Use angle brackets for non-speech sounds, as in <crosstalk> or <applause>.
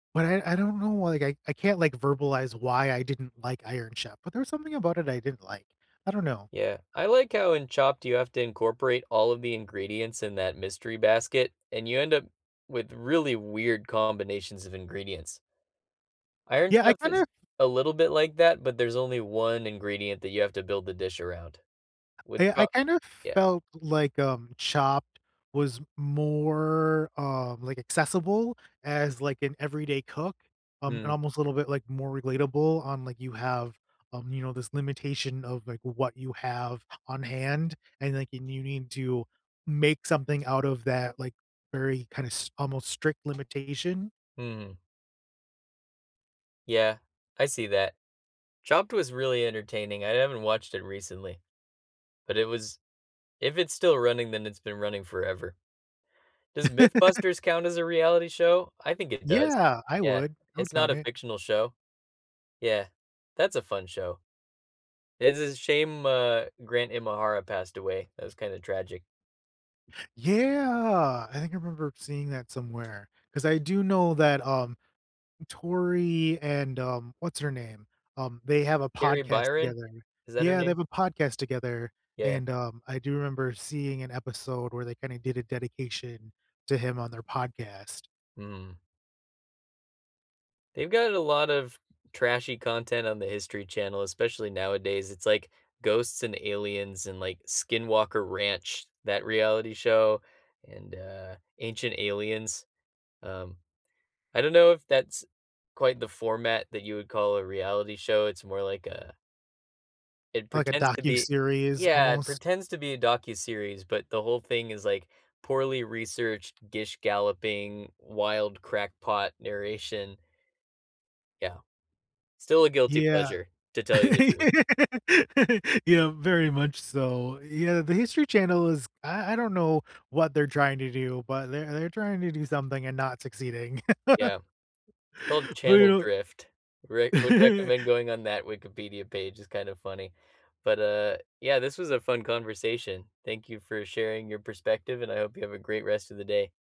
But I I don't know why I I can't, like, verbalize why I didn't like Iron Chef, but there's something about it I didn't like, I don't know. Yeah, I like how in Chopped you have to incorporate all of the ingredients in that mystery basket, and you end up with really weird combinations of ingredients. Iron Yeah, I Chef is kinda a little bit like that, but there's only 1 ingredient that you have to build the dish around, wi I pro I kind of yeah. felt like, um, Chopped was more, uh, like, accessible as, like, an everyday cook, um, and Mm. almost a little bit like more relatable on, like, you have, um, you know, this limitation of, like, what you have on hand, and, like, and you need to make something out of that, like, very kinda s almost strict limitation. Hmm. Yeah, I see that. Chopped was really entertaining, I haven't watched it recently, but it was if it's still running, then it's been running forever. Does <laughs> MythBusters count as a reality show? I think it does. Yeah, I Yeah, would, I would it's not count a it. fictional show. Yeah, that's a fun show. It's a shame, uh, Grant Imahara passed away, that was kind of tragic. Yeah, I think I remember seeing that somewhere, 'cause I do know that um, Tori, and, um, what's her name? Um, they have a Carrie podcast Byron, together. is that her Yeah, they have name? a podcast together Yeah. and, um, I do remember seeing an episode where they kind of did a dedication to him on their podcast. Mhm. They've got a lot of trashy content on the History Channel, especially nowadays. It's, like, ghosts and aliens and, like, Skinwalker Ranch, that reality show, and, uh, Ancient Aliens, um, I don't know if that's quite the format that you would call a reality show, it's more like a it Like, a pretends to be docuseries yeah, it almost? pretends to be a docuseries, but the whole thing is, like, poorly researched, gish galloping, wild crackpot narration. Yeah, still a guilty Yeah. pleasure, to tell you <laughs> the truth. Yeah, very much so. Yeah, the History Channel is I I don't know what they're trying to do, but they're they're trying to do something and not succeeding. Yeah, it's called <laughs> But you Channel know drift. Re would recommend Yeah going on that Wikipedia page, it's kind of funny. But, uh, yeah, this was a fun conversation. Thank you for sharing your perspective, and I hope you have a great rest of the day.